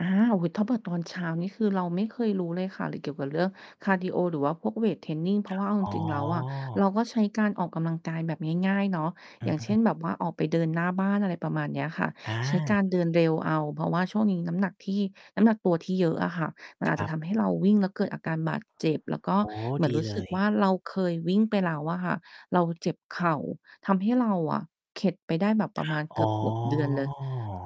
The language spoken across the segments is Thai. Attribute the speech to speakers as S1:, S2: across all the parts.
S1: อา โอ้โฮ ถ้าเผื่อตอนเช้านี่คือเราไม่เคยรู้เลยค่ะ หรือเกี่ยวกับเรื่องคาร์ดีโอ หรือว่าพวกเวตเทรนนิง เพราะว่าเอาจ
S2: อ๋
S1: ริง ๆ แล้วอะ เร
S2: อ
S1: าก็ใช้การออกกำลังกายแบบง่าย ๆ เนาะ
S2: อ
S1: อ
S2: ื
S1: ย่า
S2: อ
S1: ง
S2: ฮ
S1: เช่น
S2: ึ
S1: แบบว่าออกไปเดินหน้าบ้าน อะไรประมาณเนี้ยค่ะ
S2: อ
S1: ใช้การ
S2: า
S1: เดินเร็วเอา เพราะว่าช่วงนี้น้ำหนักที่ น้ำหนักตัวที่เยอะอะค่ะ มันอา
S2: ค
S1: จจ
S2: ร
S1: ะ
S2: ั
S1: ท
S2: บ
S1: ำให้เราวิ่ง แล้วเกิดอาการบาดเจ็บ แล้วก็
S2: โอ้
S1: เหมือ
S2: ด
S1: น
S2: ี
S1: รู้
S2: เล
S1: สึกว
S2: ย
S1: ่า เราเคยวิ่งไปแล้วอะค่ะ เราเจ็บเข่า ทำให้เราอะเข็ดไปได้แบบประมาณเ
S2: อ
S1: กื
S2: ๋อ
S1: อบ ๆ เดือนเลย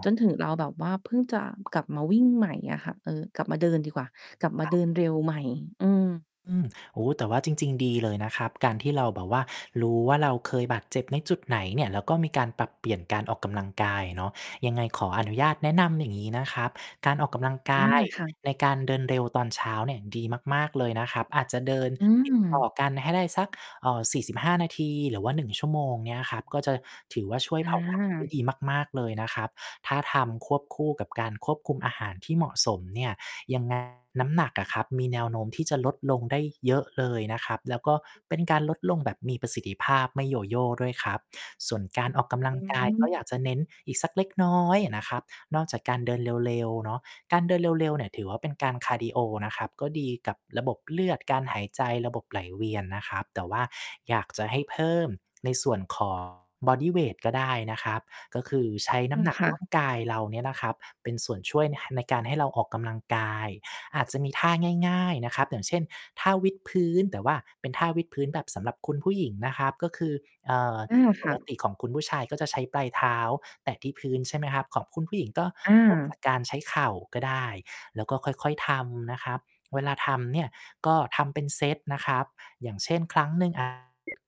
S1: จนถึงเราแบบว่า เพิ่งจะกลับมาวิ่งใหม่อะค่ะ เออ กลับมาเดินดีกว่า กลับมา
S2: คร
S1: เ
S2: ั
S1: ดิ
S2: บ
S1: นเร็วใหม่ อือ
S2: อืม โอ้ แต่ว่าจริง ๆ ดีเลยนะครับ การที่เราแบบว่า รู้ว่าเราเคยบาดเจ็บในจุดไหนเนี่ย แล้วก็มีการปรับเปลี่ยนการออกกำลังกายอะเนาะ ยังไงขออนุญาตแนะนำอย่างนี้นะครับ การออกกำลังก
S1: อา
S2: าย
S1: ค่ะ
S2: ในการเดินเร็วตอนเช้าเนี่ยดีมาก ๆ เลยนะครับ อาจจะเดิน
S1: อื
S2: ติด ต่อ
S1: ม
S2: กันให้ได้สัก เอ่อ 45 นาที หรือว่า 1 ชั่วโมง เนี้ยครับ ก็จะถือว่าช่วย
S1: อ
S2: เผาผลาญ ได้
S1: า
S2: ดีมาก ๆ เลยนะครับ ถ้าทำควบคู่กับการควบคุมอาหารที่เหมาะสมเนี่ย ยัง ไง น้ำหนักอะครับมีแนวโน้มที่จะลดลงได้เยอะเลยนะครับ แล้วก็เป็นการลดลงแบบมีประสิทธิภาพ ไม่โยโย่ด้วยครับ ส่วนการออกกำล
S1: อ
S2: ั
S1: ื
S2: งกาย ก็
S1: ม
S2: อยากจะเน้นอีกสักเล็กน้อยอะนะครับ นอกจากการเดินเร็ว ๆ เนาะ การเดินเร็ว ๆ เนี่ยถือว่า เป็นการคาร์ดีโอนะครับ ก็ดีกับระบบเลือด การหายใจ ระบบไหลเวียนนะครับ แต่ว่าอยากจะให้เพิ่มในส่วน ของ บอดี้เวตก็ได้นะครับ ก็คือใช้
S1: เอ
S2: น้ำ
S1: อ
S2: หนัก
S1: ค่
S2: ร
S1: ะ
S2: ่าง กายเราเนี่ยนะครับ เป็นส่วนช่วย น ห ในการให้เราออกกำลังกาย อาจจะมีท่าง่าย ๆ นะครับ อย่างเช่น ท่าวิดพื้น แต่ว่าเป็นท่าวิดพื้นแบบสำหรับคุณผู้หญิงนะครับ ก็คือ เอ่อ
S1: อา ค
S2: ป
S1: ่
S2: ก
S1: ะ
S2: ติของคุณผู้ชายก็จะใช้ปลายเท้าแตะที่พื้น ใช่ไหมครับ ของคุณผู้หญิงก็
S1: อ
S2: เริ่มจา
S1: า
S2: ก การใช้เข่าก็ได้ แล้วก็ค่อย ๆ ทำนะครับ เวลาทำเนี่ย ก็ทำเป็นเซตนะครับ อย่างเช่น 1 ครั้ง อา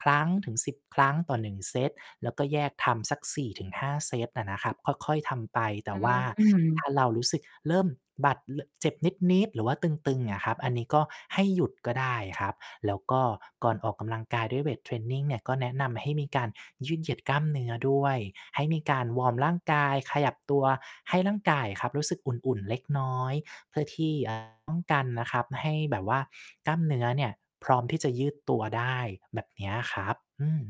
S2: 1-10 ครั้งต่อ 1 เซต แล้วก็แยกทำสัก 4-5 เซตอะนะครับ ค่อย ๆ ทำไป แต
S1: อ
S2: ่
S1: ื
S2: ว่า
S1: ม
S2: ถ้าเรารู้สึกเริ่มบาด ล เจ็บนิด ๆ หรือว่าตึง ๆ เนี่ยครับ อันนี้ก็ให้หยุดก็ได้ครับ แล้วก็ก่อนออกกำลังกายด้วยเวตเทรนนิงเนี่ย ก็แนะนำให้มีการยืดเหยียดกล้ามเนื้อด้วย ให้มีการวอร์มร่างกายขยับตัว ให้ร่างกายอะครับ รู้สึกอุ่น ๆ เล็กน้อย เพื่อที่ เอ่อ ป้องกันนะครับให้แบบว่ากล้ามเนื้อเนี่ย พร้อมที่จะยืดตัวได้ แบบเนี้ยครับ อืม